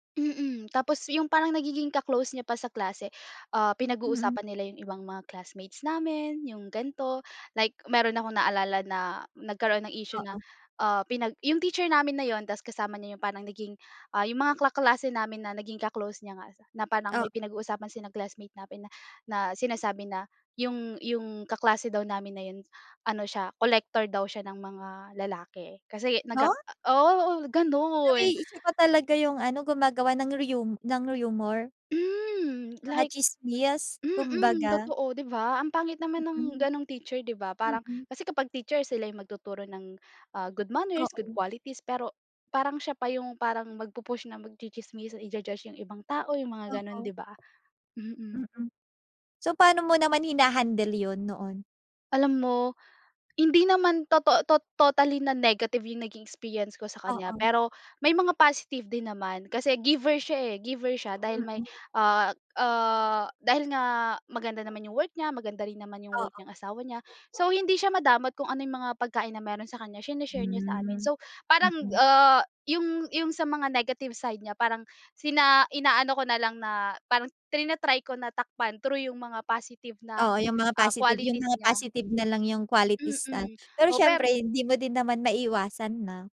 Mm, tapos yung parang nagiging ka-close niya pa sa klase, ah, Mm. pinag-uusapan nila yung ibang mga classmates namin, yung gan’to. Like meron akong naalala na nagkaroon ng issue na, Oo. ah, pinag yung teacher namin na ‘yon tas kasama niya yung parang naging, ah, yung mga kaklase namin na naging ka-close niya nga na parang may Oo. pinag-uusapan sa classmate namin na na sinasabi na yung yung kaklase daw namin na yun, ano siya, collector daw siya ng mga lalaki kasi, nagka Ha? o oo, gano’n. Aba’y siya pa talaga yung ano, gumagawa ng riyu ng rumor. Hmm. Mga Like tsismis, mm, kumbaga. totoo, 'di ba. Ang pangit naman ng Mm. gano’ng teacher, 'di ba. Parang Mm. kasi kapag teacher sila yung magtuturo ng, ah, good manners, good Oo. qualities pero parang siya pa yung parang magpu-push na magtsi-tsismisan, i-ju-judge yung ibang tao, yung mga gano'n, Oo. 'di ba. Mm. Mm. So paano mo naman hina-handle yun, noon? Alam mo, hindi naman toto tot totally na negative yung naging experience ko sa kaniya, Oo. pero may mga positive din naman kasi giver siya, eh, giver siya dahil may, Mm. ah, ah, dahil nga maganda naman yung work niya, maganda rin naman yung work ng Oo. asawa niya, so hindi siya madamot kung ano yung mga pagkain na meron sa kaniya, sine-share niya sa amin. Hmm, So parang, mm. ah, yung yung sa mga negative side niya, parang sina inaano ko na lang na parang trina-try ko na takpan through yung mga positive na, Oo, yung mga ah, positive, yung qualities mga niya. positive na lang yung qualities na. Mm. Pero O siyempre per hindi mo din naman maiwasan na.